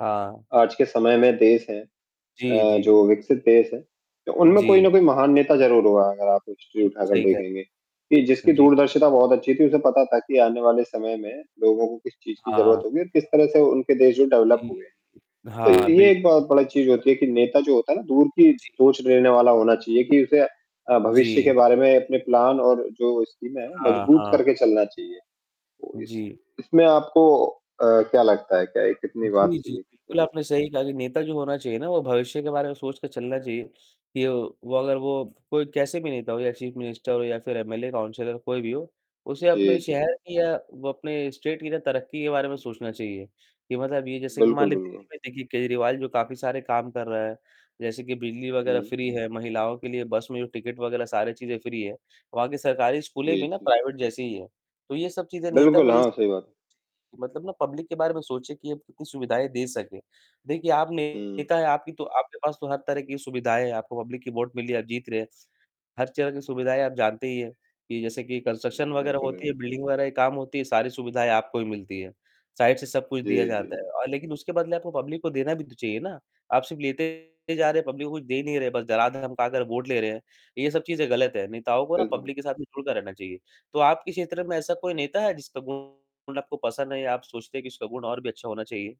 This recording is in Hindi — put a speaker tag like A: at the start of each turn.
A: हाँ।
B: आज के समय में देश हैं
A: जी,
B: अ,
A: जी।
B: जो विकसित देश हैं, तो उनमें कोई
A: जी।
B: न कोई महान नेता ज़रूर हुआ है, अगर आप हिस्ट्री
A: बिल्कुल,
B: उठाकर
A: सही कह
B: देखेंगे, कि
A: हुँ,
B: जिसकी
A: जी।
B: दूरदर्शिता बहुत अच्छी थी, उसे पता था कि आने वाले समय में लोगों को किस चीज़ की ज़रूरत
A: हाँ।
B: होगी और किस तरह से उनके देश जो डेवलप
A: जी।
B: हुए हैं। तो
A: हाँ,
B: ये
A: बिल्क
B: एक बहुत बड़ा चीज़ होती है कि, नेता जो होता है ना दूर की
A: जी।
B: सोच लेने वाला होना चाहिए कि उसे अ, भविष्य के
A: जी।
B: बारे में अपने प्लान और जो स्कीमें हैं,
A: हाँ,
B: मजबूत
A: हाँ।
B: करके चलना चाहिए। तो इस
A: जी।
B: इसमें आपको अ, क्या लगता है? क्या ये कितनी
A: जी,
B: बात
A: जी, जी।
B: सही है कि क्या
A: बिल्कुल आपने
B: है?
A: सही कहा कि नेता जो होना चाहिए ना वो भविष्य के बारे में सोच के चलना चाहिए, कि वो वो अगर वो कोई कैसे भी नेता हो या चीफ मिनिस्टर हो या फिर एमएलए, काउंसलर, कोई भी हो, उसे अपने
B: जी, जी।
A: शहर की या वो अपने स्टेट की ना तरक्की के बारे में सोचना चाहिए। कि मतलब ये जैसे कि मान
B: बिल्कुल,
A: लीजिए
B: बिल्कुल।
A: दिल्ली में देखिए केजरीवाल जो काफ़ी सारे काम कर रहा है, जैसे कि बिजली वग़ैरह
B: हुँ।
A: फ्री है, महिलाओं के लिए बस में जो टिकट वग़ैरह सारे चीज़ें फ्री है। वहाँ की सरकारी स्कूलें
B: जी,
A: भी ना
B: जी।
A: प्राइवेट जैसी ही हैं, तो ये सब चीज़ें नेता
B: बिल्कुल।
A: में ये
B: हाँ, सही बात
A: मतलब ना पब्लिक के बारे में सोचे कि ये उतनी सुविधाएँ दे सके। देखिए, आप
B: हुँ।
A: नेता हैं, आपकी तो आपके पास तो हर तरह की सुविधाएँ हैं, आपको पब्लिक की वोट मिली है, आप जीत रहे हैं। हर तरह की सुविधाएँ आप जानते ही हैं, कि जैसे कि कंस्ट्रक्शन
B: हुँ।
A: वग़ैरह
B: बिल्कुल,
A: होती है,
B: बिल्कुल।
A: बिल्डिंग वग़ैरह की काम होती है, सारी सुविधाएँ आपको ही मिलती है। साइड से सब कुछ दिया
B: जी, जी,
A: जाता
B: जी।
A: है और लेकिन उसके बदले आपको पब्लिक को देना भी तो चाहिए ना, आप सिर्फ़ लेते जा रहे हैं, पब्लिक को कुछ दे नहीं रहे हैं, बस डरा, धमका कर वोट ले रहे हैं, ये सब चीज़ें गलत हैं। नेताओं को ना
B: बिल्कुल।
A: पब्लिक के साथ में जुड़कर रहना चाहिए, तो आपके क्षेत्र में ऐसा कोई नेता है, जिसका गुण आपको पसंद नहीं है या आप सोचते हैं कि उसका गुण और भी अच्छा होना चाहिए?